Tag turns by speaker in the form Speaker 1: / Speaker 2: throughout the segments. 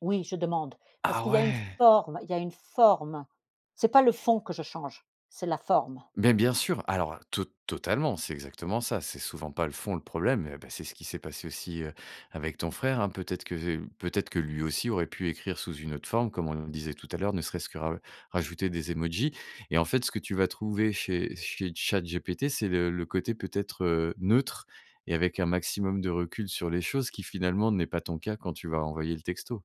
Speaker 1: Oui, je demande parce
Speaker 2: Ah,
Speaker 1: qu'il y a une
Speaker 2: ouais!
Speaker 1: forme, il y a une forme. C'est pas le fond que je change, c'est la forme.
Speaker 2: Beh, bien sûr! Alors, heu, to totalement, c'est exactement ça. C'est souvent pas le fond, le problème mais beh, c'est ce qui s'est passé aussi, heu, avec ton frère, hein. Peut-être que, heu, peut-être que, lui aussi, aurait pu écrire sous une autre forme, comme on le disait tout à l'heure, ne serait-ce que ra rajouter des emojis et en fait, ce que tu vas trouver chez chez ChatGPT, c'est le le côté peut-être, heu, neutre et avec un maximum de recul sur les choses qui, finalement, n'est pas ton cas quand tu vas envoyer le texto.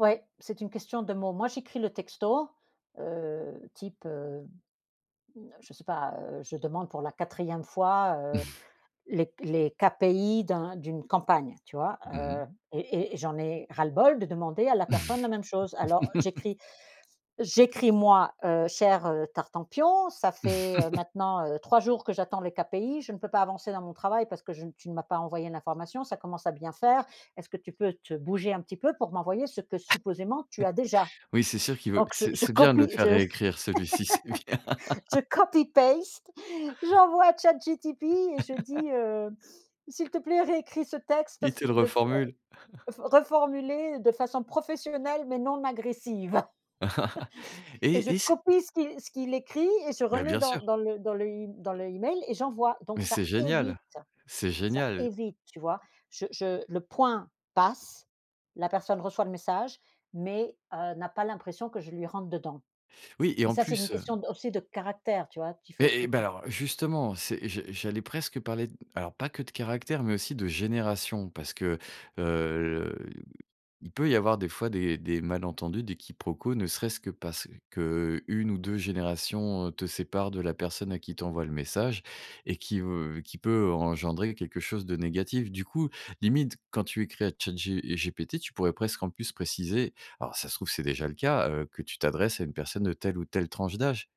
Speaker 1: Ouais, c'est une question de mots. Moi, j'écris le texto, heu, type, heu, mmh, je sais pas, heu, je demande pour la 4e fois, heu, les les KPI d'un d'une campagne, tu vois,
Speaker 2: Mmh mh.
Speaker 1: heu? Et et j'en ai ras-le-bol de demander à la personne la même chose. Alors j'écris j'écris, moi, heu: «Cher, heu, Tartempion, ça fait, heu, maintenant, heu, 3 jours que j'attends les KPI. Je ne peux pas avancer dans mon travail parce que je n tu ne m'as pas envoyé l'information. Ça commence à bien faire, est-ce que tu peux te bouger un petit peu pour m'envoyer ce que, supposément, tu as déjà?»
Speaker 2: Oui, c'est sûr qu'il veut
Speaker 1: donc je
Speaker 2: c'est
Speaker 1: je
Speaker 2: c'est bien de le
Speaker 1: copie
Speaker 2: faire
Speaker 1: je
Speaker 2: réécrire celui-ci, c'est bien.
Speaker 1: je copy paste, j'envoie à Chat GTP et je dis, heu: «S'il te plaît, réécris ce texte
Speaker 2: Il
Speaker 1: f
Speaker 2: te le
Speaker 1: de f heu,
Speaker 2: reformule.
Speaker 1: refor reformulé de façon professionnelle mais non agressive» et je
Speaker 2: Et et c
Speaker 1: copie ce qui ce qu'il écrit et je
Speaker 2: Bah,
Speaker 1: remets
Speaker 2: bien
Speaker 1: dans
Speaker 2: sûr.
Speaker 1: dans le dans l'e dans l'e-mail et j'envoie. Donc
Speaker 2: Mais
Speaker 1: ça
Speaker 2: c'est
Speaker 1: évite
Speaker 2: génial. C'est
Speaker 1: ça
Speaker 2: génial.
Speaker 1: évite, tu vois? Je je le point passe. La personne reçoit le message mais heu, n'a pas l'impression que je lui rentre dedans
Speaker 2: Oui et
Speaker 1: et
Speaker 2: en
Speaker 1: ça, c'est une
Speaker 2: plus, heu
Speaker 1: question de aussi de caractère, tu vois? Qu'il faut
Speaker 2: Eh eh
Speaker 1: que
Speaker 2: bah
Speaker 1: tu
Speaker 2: alors, justement, c'est je j'allais presque parler d alors pas que de caractère mais aussi de génération, parce que, heu, le il peut y avoir, des fois, des des malentendus, des quiproquos, ne serait-ce que parce qu'1 ou 2 générations, heu, te séparent de la personne à qui tu envoies le message et qui veut qui peut en engendrer quelque chose de négatif. Du coup, limite, quand tu écris à Chat G GPT, tu pourrais, presque, en plus, préciser, alors, ça se trouve, c'est déjà le cas, heu, que tu t'adresses à une personne de telle ou telle tranche d'âge.